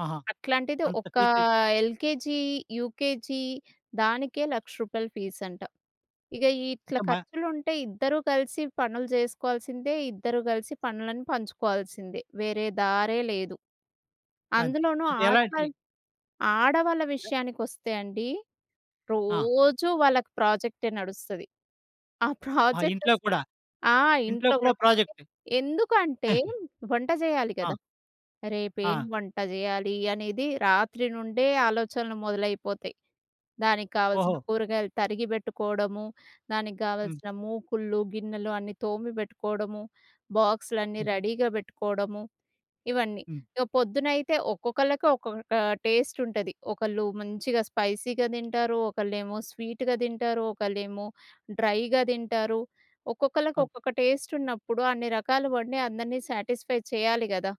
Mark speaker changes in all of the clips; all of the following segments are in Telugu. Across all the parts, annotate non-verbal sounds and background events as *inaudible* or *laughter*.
Speaker 1: ఆహా!
Speaker 2: అట్లాంటిది
Speaker 1: అంత
Speaker 2: ఒక
Speaker 1: ఫీస్‌జు
Speaker 2: ఎల్‌కేజీ, యూకేజీ దానికే రూ. 1,00,000 ఫీస్ అంట. ఇగ ఈ ఇట్ల
Speaker 1: అంటే‌ మా
Speaker 2: ఖర్చులుంటే, ఇద్దరూ కలిసి పనులు జేసుకోవాల్సిందే, ఇద్దరూ కలిసి పనులను పంచుకోవాల్సిందే. వేరే దారే లేదు.
Speaker 1: మంచ్
Speaker 2: అందులోనూ
Speaker 1: అంటే ఎలాంటి
Speaker 2: ఆడవాళ్ళు ఆడవాళ్ళ విషయానికొస్తే అండి,
Speaker 1: ఆ!
Speaker 2: రోజూ వాళ్ళకి ప్రాజెక్టే నడుస్తది. ఆ
Speaker 1: ఆహా! ఇంట్లో
Speaker 2: ప్రాజెక్ట‌సలస్
Speaker 1: కూడా.
Speaker 2: ఆ!
Speaker 1: ఇంట్లో
Speaker 2: ఇంట్లో
Speaker 1: కూడా
Speaker 2: గూడా
Speaker 1: ప్రాజెక్ట్.
Speaker 2: ఎందుకంటే,
Speaker 1: *chuckles*
Speaker 2: వంట చేయాలి
Speaker 1: ఆ!
Speaker 2: గదా! రేపేం
Speaker 1: ఆ!
Speaker 2: వంట జేయాలి, అనేది రాత్రి నుండే ఆలోచనలు మొదలైపోతాయి. దానికి గావాల్సిన
Speaker 1: ఓహో!
Speaker 2: కూరగాయలు తరిగి బెట్టుకోవడము, దానికి
Speaker 1: హ్మ్.
Speaker 2: గావాల్సిన మూకుళ్ళు, గిన్నెలు అన్నీ తోమి బెట్టుకోవడము, బాక్సులన్నీ
Speaker 1: హ్మ్.
Speaker 2: రెడీగా బెట్టుకోవడము ఇవన్నీ.
Speaker 1: హ్మ్.
Speaker 2: ఇగ పొద్దునైతే ఒక్కొక్కళ్ళకి, ఒక్కొక్క టేస్ట్ ఉంటది. ఒకళ్ళు మంచిగా స్పైసీగా దింటారు, ఒకళ్ళేమో స్వీట్‌గా దింటారు, ఒకళ్ళేమో డ్రైగా దింటారు. ఒక్కొక్కళ్ళకి,
Speaker 1: అవును.
Speaker 2: ఒక్కొక్క టేస్ట్ ఉన్నప్పుడు అన్ని రకాలు వండి అందరిని సాటిస్ఫై చేయాలి గదా!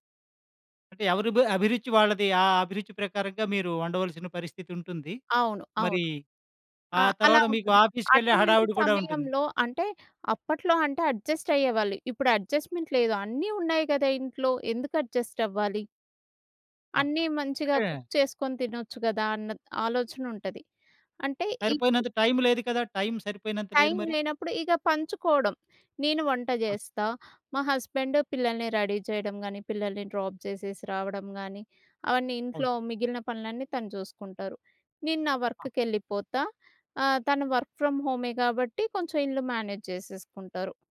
Speaker 1: అంటే ఎవరు‌ బ్ అభిరుచి వాళ్ళది. ఆ! అభిరుచి ప్రకారంగా మీరు వండవలసిన పరిస్థితి ఉంటుంది.
Speaker 2: అవును.
Speaker 1: మరి
Speaker 2: అవును. ఆ!
Speaker 1: ఆ
Speaker 2: అలా
Speaker 1: తరువాత మీకు
Speaker 2: ఉంటుంది.
Speaker 1: ఆఫీస్‌కేళ్ళే
Speaker 2: అటువంటి
Speaker 1: హడావిడి కూడా ఉంటుంది.
Speaker 2: సమయంలో అంటే, అప్పట్లో అంటే అడ్జస్ట్ అయ్యేవాళ్ళు. ఇప్పుడు అడ్జస్ట్మెంట్ లేదు, అన్నీ ఉన్నాయి గదా! ఇంట్లో ఎందుకు అడ్జస్ట్ అవ్వాలి?
Speaker 1: ఆ!
Speaker 2: అన్నీ మంచిగా
Speaker 1: అంటే
Speaker 2: కుక్ చేసుకొని తినొచ్చు గదా! అన్న త్ ఆలోచన ఉంటది. అంటే ఇపుడు
Speaker 1: సరిపోయినంత టైమ్ లేదు కదా! టైమ్ సరిపోయినంత లేదు
Speaker 2: టైమ్
Speaker 1: మరి?
Speaker 2: లేనప్పుడు ఇగ పంచుకోవడం. నేను వంట
Speaker 1: ఆ!
Speaker 2: జేస్తా. మా హస్బెండ్ పిల్లల్ని రెడీ చేయడం గానీ, పిల్లల్ని డ్రాప్ జేసేసి రావడం గానీ అవన్నీ
Speaker 1: అవును.
Speaker 2: ఇంట్లో మిగిలిన పనులన్నీ తను జూసుకుంటారు. నేను నా
Speaker 1: ఆ!
Speaker 2: వర్క్‌కేళ్ళిపోతా ఆహ్, తను వర్క్ ఫ్రమ్ హోమే గాబట్టి కొంచెం ఇల్లు మేనేజ్ జేసేసుకుంటారు.